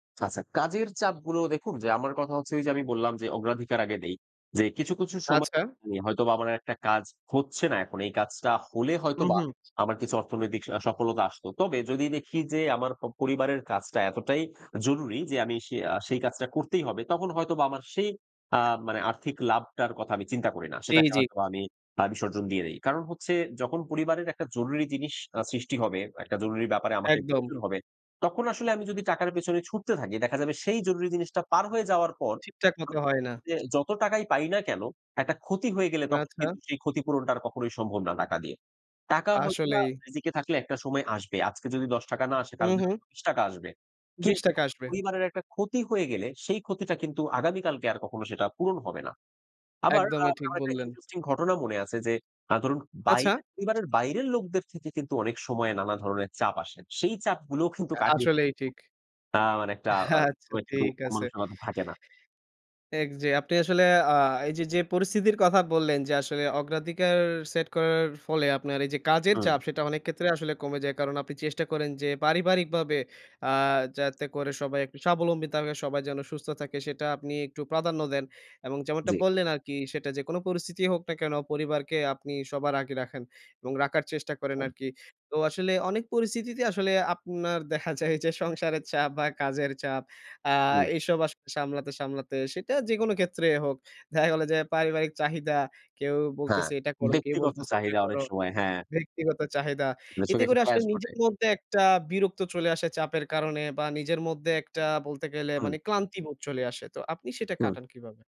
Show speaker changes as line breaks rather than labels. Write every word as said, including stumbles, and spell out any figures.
আচ্ছা কাজের চাপগুলো দেখুন যে, আমার কথা হচ্ছে ওইযে আমি বললাম যে অগ্রাধিকার আগে দেই। যে কিছু, কিছু সময়
আচ্ছা।
হয়তোবা আমার একটা কাজ হচ্ছে না এখন। এই কাজটা হলে
হুম,
হয়তোবা
হুম।
আমার কিছু অর্থনৈতিক আ সফলতা আসত। তবে যদি দেখি যে আমার প পরিবারের কাজটা এতটাই জরুরি যে আমি সে আ সেই কাজটা করতেই হবে। তখন হয়তোবা আমার সেই আ মানে আর্থিক লাভটার কথা আমি চিন্তা করি না।
জি,
সেটাকে
জি।
হয়তোবা আমি আ বিসর্জন দিয়ে দেই। কারণ হচ্ছে যখন পরিবারের একটা জরুরি জিনিস আ সৃষ্টি হবে, একটা জরুরি ব্যাপারে আমাকে
একদম।
প্রয়োজন হবে, তখন আসলে আমি যদি টাকার পেছনে ছুটতে থাকি দেখা যাবে সেই জরুরি জিনিসটা পার হয়ে যাওয়ার পর
ঠিকঠাক মত হয় না।
যে যত টাকাই পাই না কেন একটা ক্ষতি হয়ে গেলে তখন
আচ্ছা।
কিন্তু সেই ক্ষতিপূরণটা আর কখনোই সম্ভব না টাকা দিয়ে। টাকা হয়তোবা
আসলেই।
রিজিকে থাকলে একটা সময় আসবে। আজকে যদি দশ টাকা না আসে
হুম,
কালকে
হুম।
বিশ টাকা আসবে।
বিশ
কিন্তু
টাকা আসবে।
পরিবারের একটা ক্ষতি হয়ে গেলে, সেই ক্ষতিটা কিন্তু আগামী কালকে আর কখনো সেটা পূরণ হবে না। আবার আ
একদমই ঠিক
আমার একটা
বললেন।
ইন্টারেস্টিং ঘটনা মনে আছে যে আ ধরুন
আচ্ছা।
বাইরের পরিবারের বাইরের লোকদের থেকে কিন্তু অনেক সময়ে নানা ধরনের চাপ আসে। সেই চাপগুলোও কিন্তু কাটিয়ে। [unintelligible]
আসলেই ঠিক।
আ মানে একটা আ
আচ্ছা
কিন্তু
ঠিক
মন
আছে।
মানুষিকতা থাকে না।
এক যে আপনি আসলে আ এইযে যে পরিস্থিতির কথা বললেন, যে আসলে অগ্রাধিকার সেট করার ফলে আপনার এই যে কাজের
হুম।
চাপ সেটা অনেক ক্ষেত্রে আসলে কমে যায়। কারণ আপনি চেষ্টা করেন যে পারিবারিকভাবে আ যাতে করে সবাই একটু স্বাবলম্বিত হবে, সবাই যেন সুস্থ থাকে সেটা আপনি একটু প্রাধান্য দেন। এবং যেমনটা
জি।
বললেন আরকি সেটা যেকোনো পরিস্থিতিই হোক না কেন পরিবারকে আপনি সবার আগে রাখেন এবং রাখার চেষ্টা করেন আরকি। তো আসলে অনেক পরিস্থিতিতে আসলে আপনার দেখা যায় যে সংসারের চাপ বা কাজের চাপ আ
হুম।
এসব আসলে সামলাতে, সামলাতে সেটা যেকোন ক্ষেত্রেই হোক। দেখা গেল যে পারিবারিক চাহিদা। কেউ
হ্যাঁ,
বলতেছে এটা করো, কেউ
ব্যক্তিগত
বলতেছে ওইটা
চাহিদা অনেক
করো।
সময়, হ্যাঁ।
ব্যক্তিগত চাহিদা।
এটার
এতে
সঙ্গে এসে
করে আসলে
ক্ল্যাশ ঘটে।
নিজের মধ্যে একটা বিরক্ত চলে আসে, চাপের কারণে বা নিজের মধ্যে একটা বলতে গেলে
হুম।
মানে ক্লান্তিবোধ চলে আসে। তো আপনি সেটা
হুম।
কাটান কিভাবে?